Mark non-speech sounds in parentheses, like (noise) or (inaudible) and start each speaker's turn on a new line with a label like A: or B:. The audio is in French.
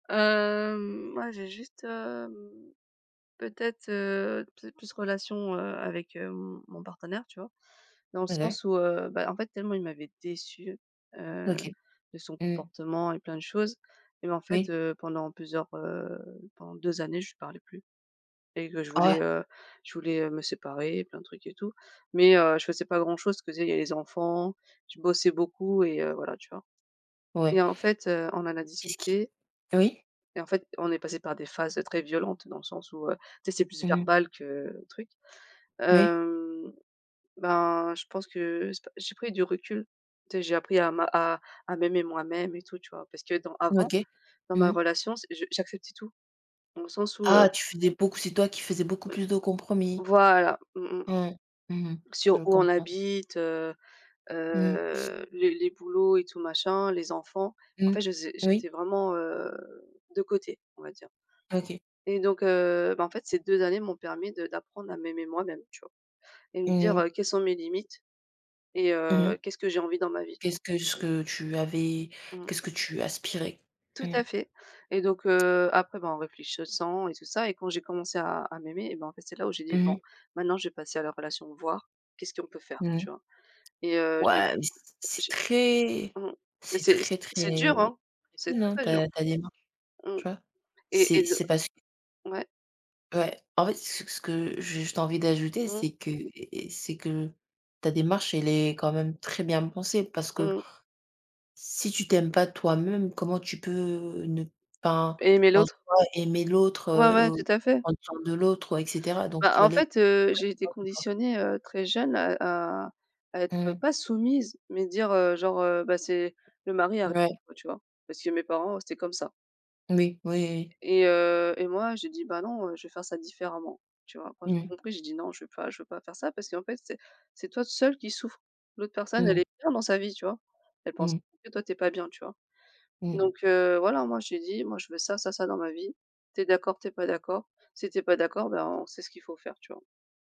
A: Hem moi j'ai juste, hem, peut-être, heu, peut être plus relation, heu, avec, heu, m mon partenaire, tu vois? Dans le
B: OK.
A: sens où, heu, bah, en fait tellement il m'avait déçue, heu,
B: OK.
A: de son
B: Mmh.
A: comportement et plein de choses, même en fait,
B: Oui.
A: heu, pendant plusieurs, heu, pendant 2 années, je lui parlais plus. Et que je
B: Oh ouais.
A: voulais, heu, je voulais, heu, me séparer et plein de trucs et tout. Mais, heu, je faisais pas grand chose, je faisais les enfants, je bossais beaucoup et heu, voilà, tu vois?
B: Ouais.
A: Et en fait, heu, on en a
B: Qu'est ce qui?
A: discuté
B: Oui.
A: et en fait on est passé par des phases très violentes, dans le sens où, heu, tu sais, c'est plus
B: Mmh mh.
A: verbal que, truc.
B: Oui.
A: Hem, bah, je pense que je sais pas. J'ai pris du recul, tu sais, j'ai appris à ma à à m'aimer moi-même et tout, tu vois? Parce que dans avant,
B: OK.
A: dans ma
B: Mmh mh.
A: relation, c je j'acceptais tout. Dans le sens où heu
B: Ah! Tu faisais beaucoup c'est toi qui faisais beaucoup
A: oui.
B: plus de compromis?
A: Voilà, mmh mh.
B: Mmh. Mmh mh.
A: Sur
B: Je
A: où on
B: comprends.
A: habite, heu
B: Mmh mh.
A: heu, les les boulots et tout machin, les enfants, en
B: Mmh,
A: fait je faisais
B: oui.
A: j'étais vraiment, heu, de côté, on va dire.
B: OK.
A: Et donc, heu, ben en fait ces 2 années m'ont permis de d'apprendre à m'aimer moi-même, tu vois? Et me
B: Mmh mh.
A: dire: «Quelles sont mes limites? Et
B: Mmh
A: heu,
B: mh.
A: qu'est-ce que j'ai envie dans ma vie?» tu vois?
B: Qu'est-ce que ce que tu avais
A: Mmh.
B: qu'est-ce que tu aspirais?
A: Tout
B: Mmh.
A: à fait. Et donc, heu, après ben, en réfléchissant et tout ça et quand j'ai commencé à à m'aimer et ben c'est là où j'ai dit:
B: Mmh
A: «Bon,
B: mh.
A: maintenant je vais passer à la relation, voir qu'est-ce qu'on peut faire?» Tu
B: Mmh.
A: vois? Et heu, j'ai
B: Ouais, mais c c'est
A: j'ai
B: très
A: Mmh, mais
B: c'est
A: c'est c
B: très,
A: c'est
B: très
A: dur hein, c'est très,
B: (unintelligible)
A: très dur.
B: ta ta démarche,
A: Mmh
B: tu vois?
A: et et
B: C'est
A: de
B: c'est parce que
A: Ouais.
B: Ouais, en fait ce c que j'ai juste envie d'ajouter
A: Mmh.
B: c'est que et et c'est que, ta démarche elle est quand même très bien pensée parce que
A: Mmh.
B: si tu t'aimes pas toi-même, comment tu peux, ne enfin, pas
A: Aimer
B: en
A: l'autre.
B: soi aimer l'autre,
A: Ouais, ouais, tout
B: ou
A: à fait.
B: prendre soin de l'autre ouais, et cetera. Donc
A: Ben
B: tu vas
A: en
B: les.
A: fait, heu, j'ai été
B: (unintelligible)
A: conditionnée, heu, très jeune à à à être,
B: Mmh mh.
A: pas soumise, mais dire, heu: «genre, heu, beh, c'est le mari avant»,
B: Ouais.
A: enfin tu vois? Parce que mes parents, c'était comme ça.
B: Oui. Oui, oui.
A: Et heu, et moi j'ai dit: «Bah non, je vais faire ça différemment», tu vois? Quand j'ai
B: Mmh.
A: compris, j'ai dit: «Non je veux pas je veux pas faire ça, parce qu'en fait, c'est c'est toi seule qui souffre». L'autre personne, elle
B: Mmh.
A: est bien dans sa vie, tu vois? Elle pense pas
B: Mmh.
A: que toi tu es pas bien, tu vois?
B: Mmh.
A: Donc, heu, voilà moi j'ai dit: «Moi je veux ça, ça, ça dans ma vie. Tu es d'accord, tu es pas d'accord. Si tu es pas d'accord, ben on sait ce qu'il faut faire», tu vois?